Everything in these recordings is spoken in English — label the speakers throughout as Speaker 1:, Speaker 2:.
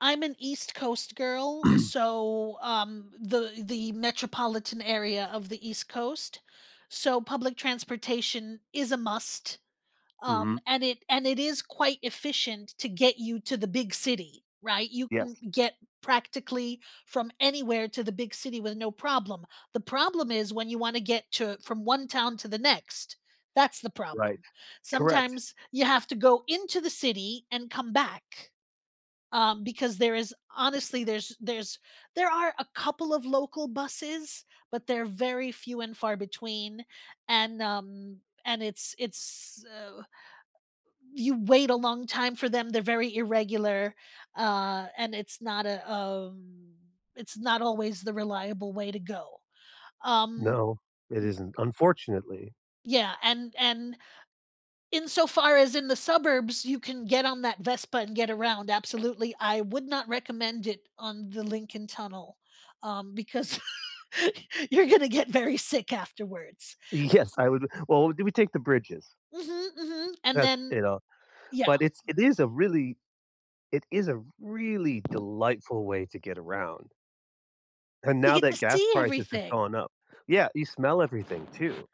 Speaker 1: I'm an East Coast girl, so, um, the the metropolitan area of the East Coast, so public transportation is a must, um,
Speaker 2: Mhm.
Speaker 1: and it and it is quite efficient t to get you to the big city, right, you can
Speaker 2: Yes.
Speaker 1: get practically from anywhere to the big city with no problem. The problem is when you wanna get to from one town to the next, that's the
Speaker 2: Right.
Speaker 1: problem.
Speaker 2: Correct.
Speaker 1: Sometimes you have to go into the city and come back, um, because there is Honestly, there's there's there are a couple of local buses, but, they're very few and far between, and, um and it's it's, uh, you wait a long time for them, they're very irregular, uh, and it's not a, um, it's not always the reliable way to go. Um
Speaker 2: No, it isn't. Unfortunately
Speaker 1: Yeah, and and, insofar as in the suburbs, you can get on that Vespa and get around, absolutely. I would not recommend it on the Lincoln Tunnel, um, because, you're gonna get very sick afterwards.
Speaker 2: Yes, I would Well, do we take the bridges?
Speaker 1: Mhm, mhm, and
Speaker 2: That's,
Speaker 1: then
Speaker 2: you know
Speaker 1: Yeah.
Speaker 2: But it's it is a really it is a really delightful way to get around and
Speaker 1: You
Speaker 2: now
Speaker 1: get
Speaker 2: that
Speaker 1: to
Speaker 2: gas
Speaker 1: see
Speaker 2: prices have
Speaker 1: everything.
Speaker 2: gone up Yeah, you smell everything too.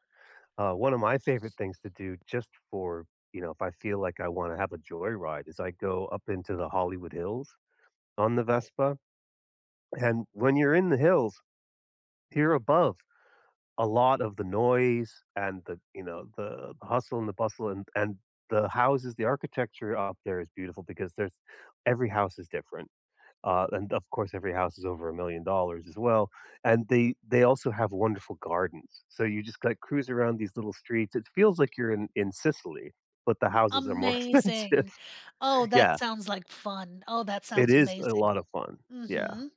Speaker 2: Uh, one of my favorite things to do just for, you know if I feel like I wanna have a joy ride, is I go up into the Hollywood Hills on the Vespa, and when you're in the hills, here above, a lot of the noise, and the, you know, the hustle and the bustle, and and the houses, the architecture up there is beautiful, because there's every house is different, uh, and of course every house is over $1,000,000 as well, and they they also have wonderful gardens, so you just gotta cruise around these little streets. It feels, like, you're in in Sicily, but the houses are more expensive.
Speaker 1: Amazing. Oh, that
Speaker 2: Yeah.
Speaker 1: sounds like fun. Oh, that
Speaker 2: It
Speaker 1: sounds
Speaker 2: is a lot
Speaker 1: amazing.
Speaker 2: of fun. Yeah.
Speaker 1: Mhm,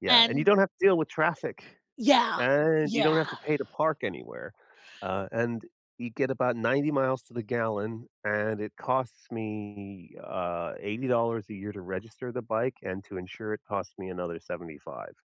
Speaker 2: Yeah, and you
Speaker 1: and
Speaker 2: don't have to deal with traffic,
Speaker 1: Yeah,
Speaker 2: and you don't have
Speaker 1: yeah.
Speaker 2: to pay to park anywhere, uh, and you get about 90 miles to the gallon, and it costs me, uh, $80 a year to register the bike, and to insure it costs me another $75.